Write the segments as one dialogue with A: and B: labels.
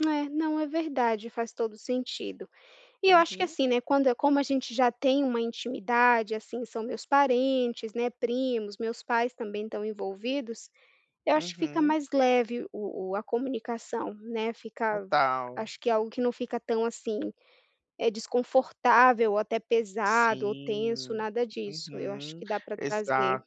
A: É, não, é verdade, faz todo o sentido. E eu acho que
B: Uhum.
A: assim, né, quando é como a gente já tem uma intimidade, assim são meus parentes, né, primos, meus pais também estão envolvidos, eu acho que fica
B: Uhum.
A: mais leve o o a comunicação, né, fica v
B: Total!
A: acho que é algo que não fica tão assim, eh, desconfortável ou até pesado ou tenso,
B: Sim,
A: nada disso, eu acho
B: uhum,
A: que dá pra trazer.
B: exato.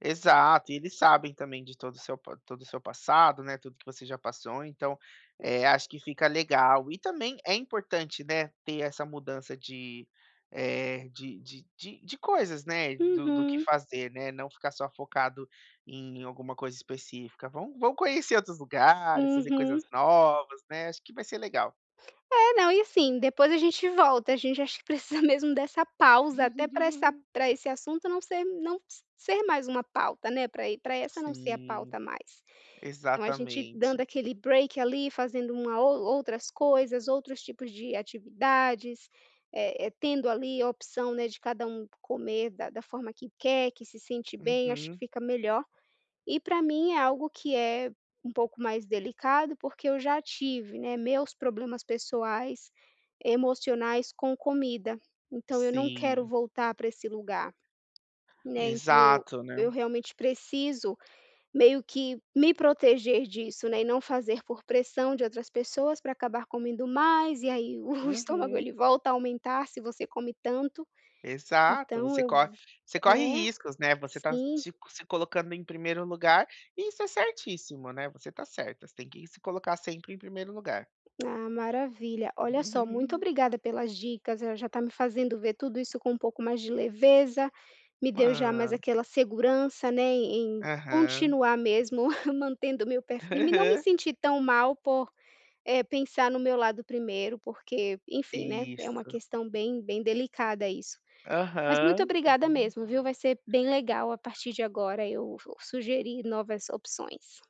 B: Exato e eles sabem também de todo o seu p todo o seu passado, tudo que você já passou, então, eh, acho que fica legal e também é importante, né, ter essa mudança de, eh, de de de de coisas, né, do do que
A: Uhum.
B: fazer, né, não ficar só focado em alguma coisa específica. Vão vão conhecer outros lugares, fazer coisas
A: Uhum.
B: novas né, acho que vai ser legal.
A: É, não e assim, depois a gente volta a gente acho que precisa mesmo dessa pausa, até pra essa pra esse assunto não ser m não s ser mais uma pauta, né, pra aí pra essa não ser a
B: Sim,
A: pauta mais. Então a gente
B: exatamente.
A: dando aquele break ali, fazendo uma ou outras coisas, outros tipos de atividades, eh eh tendo ali a opção, né, de cada um c comer da da forma que quer, que se sente bem, acho que
B: Uhum.
A: fica melhor. E pra mim é algo que é um pouco mais delicado porque eu já tive né, meus problemas pessoais, emocionais com comida, então eu não quero
B: Sim.
A: voltar pra esse lugar, e nem para o
B: Exato, né?
A: eu realmente preciso meio que me proteger disso, né e não fazer por pressão de outras pessoas pra acabar comendo mais e aí o estômago
B: Uhum.
A: ele volta a aumentar se você come tanto,
B: Exato,
A: então
B: você
A: eu v
B: cor você corre
A: né?
B: riscos, né, você tá
A: Sim.
B: se se colocando em 1º lugar e isso é certíssimo, né, você tá certa, você tem que se colocar sempre em 1º lugar.
A: Ah, maravilha! Olha só, muito
B: Uhum.
A: obrigada pelas dicas, eh, já tá me fazendo ver tudo isso com um pouco mais de leveza, me deu já mais
B: Ah!
A: aquela segurança, né em em
B: Aham.
A: continuar mesmo mantendo o meu pé firme e não me
B: Aham.
A: sentir tão mal por, eh, pensar no meu lado 1º porque, enfim, né, é uma
B: Isso.
A: questão bem bem delicada isso. Mas muito
B: Aham,
A: obrigada
B: uhum.
A: mesmo viu, vai ser bem legal, a partir de agora eu vou sugerir novas opções.